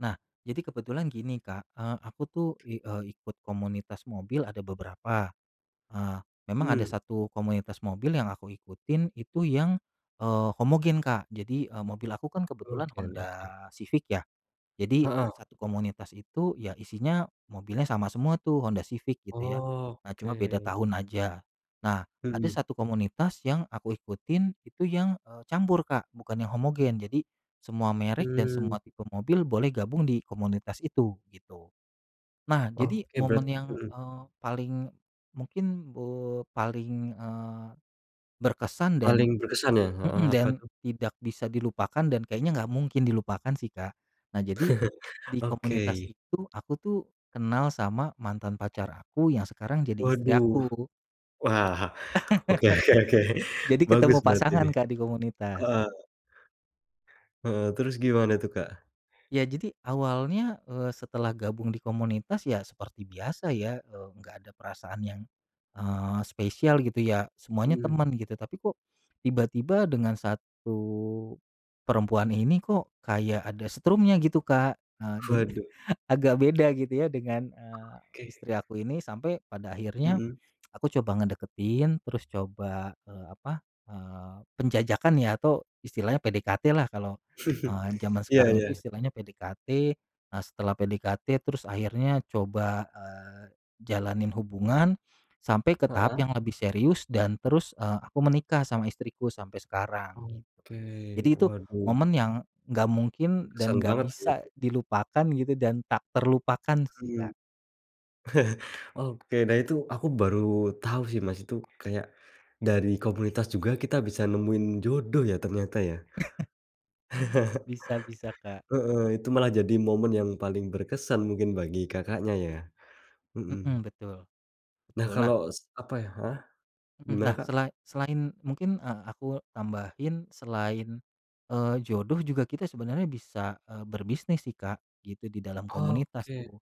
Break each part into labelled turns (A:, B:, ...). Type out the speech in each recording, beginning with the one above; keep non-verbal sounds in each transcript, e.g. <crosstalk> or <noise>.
A: Nah jadi kebetulan gini Kak, eee, aku tuh i eee, ikut komunitas mobil ada beberapa. Eee, memang ada
B: Mmm.
A: 1 komunitas mobil yang aku ikutin itu yang, eee, homogen Kak. Jadi, eee, mobil aku kan kebetulan
B: Oke
A: Honda
B: oke.
A: Civic ya. Jadi,
B: Heeh.
A: 1 komunitas itu ya isinya mobilnya sama semua tuh Honda Civic gitu ya. Nah,
B: Oke.
A: cuma beda tahun aja. Nah, ada
B: Mhm.
A: 1 komunitas yang aku ikutin itu yang, eee, campur Kak bukan yang homogen jadi semua merek dan
B: Mmm.
A: semua tipe mobil boleh gabung di komunitas itu gitu. Nah, jadi
B: Oke, berart
A: momen yang,
B: mhm.
A: eee, paling, mungkin, eee, paling, eee, berkesan dan
B: Paling berkesan ya, heeh,
A: mhm,
B: apa
A: dan
B: tuh?
A: tidak bisa dilupakan dan kayaknya nggak mungkin dilupakan sih Kak. Nah jadi,
B: <chuckles>
A: di komunitas
B: Oke.
A: itu aku tuh kenal sama mantan pacar aku yang sekarang jadi istri
B: Waduh,
A: aku.
B: wah, oke oke oke,
A: <laughs> Jadi
B: bagus
A: ketemu
B: berarti
A: pasangan
B: nih,
A: Kak di komunitas.
B: heeh. Heeh, terus gimana tuh Kak?
A: Ya jadi awalnya, eee, setelah gabung di komunitas ya seperti biasa ya, eee, nggak ada perasaan yang, eee, spesial gitu ya semuanya
B: Mmm.
A: teman gitu tapi kok, tiba-tiba dengan 1, perempuan ini kok kayak ada setrumnya gitu Kak, eee, jadi
B: Waduh.
A: agak beda gitu ya dengan, eee,
B: Oke.
A: istri aku ini sampai pada akhirnya,
B: Mhm.
A: aku coba ngedeketin terus coba, eee, apa, eee, penjajakan ya atau istilahnya PDKT lah kalau,
B: <chuckles>
A: eee, zaman
B: Iya
A: sekarang itu
B: iya.
A: istilahnya PDKT. Nah setelah PDKT terus akhirnya coba, eee, jalanin hubungan, sampai ke tahap
B: Heeh.
A: yang lebih serius dan terus, eee, aku menikah sama istriku sampai sekarang gitu.
B: Oke,
A: Jadi itu
B: waduh.
A: momen yang gak mungkin dan
B: Berkesan
A: gak
B: banget sih
A: bisa
B: itu.
A: dilupakan gitu dan tak terlupakan
B: Mhm,
A: sih Kak.
B: <chuckles> oke, nah itu aku baru tahu sih Mas itu kayak, dari komunitas juga kita bisa nemuin jodoh ya ternyata ya.
A: <chuckles>
B: <chuckles>
A: Bisa bisa Kak.
B: Heeh, itu malah jadi momen yang paling berkesan mungkin bagi Kakaknya ya, mhm.
A: Mhm, betul,
B: Nah,
A: betul, nah
B: kalo s apa ya heeh,
A: Mhm,
B: gimana
A: nah,
B: Kak?
A: sela selain mungkin, eee, aku tambahin selain, eee, jodoh juga kita sebenarnya bisa, eee, berbisnis sih Kak gitu di dalam komunitas
B: Oke.
A: tuh,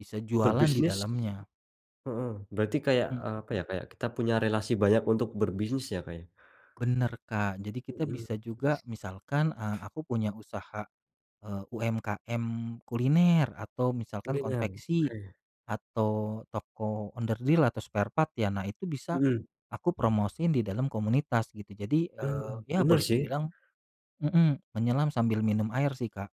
A: bisa jualan di
B: Berbisnis.
A: dalamnya.
B: Mhm, berarti kayak,
A: Mhm.
B: eee, apa ya, kayak kita punya relasi banyak untuk berbisnis ya, Kak, ya?
A: Bener, Kak, jadi kita
B: Mhm.
A: bisa juga misalkan, eee, aku punya usaha, eee, UMKM kuliner atau misalkan
B: Kuliner,
A: konveksi,
B: oke.
A: atau toko onderdil atau spare part ya nah itu bisa,
B: Mhm.
A: aku promosiin di dalam komunitas gitu. Jadi, eee,
B: Mmm,
A: ya
B: bener
A: boleh
B: sih.
A: dibilang mhm, menyelam sambil minum air sih Kak.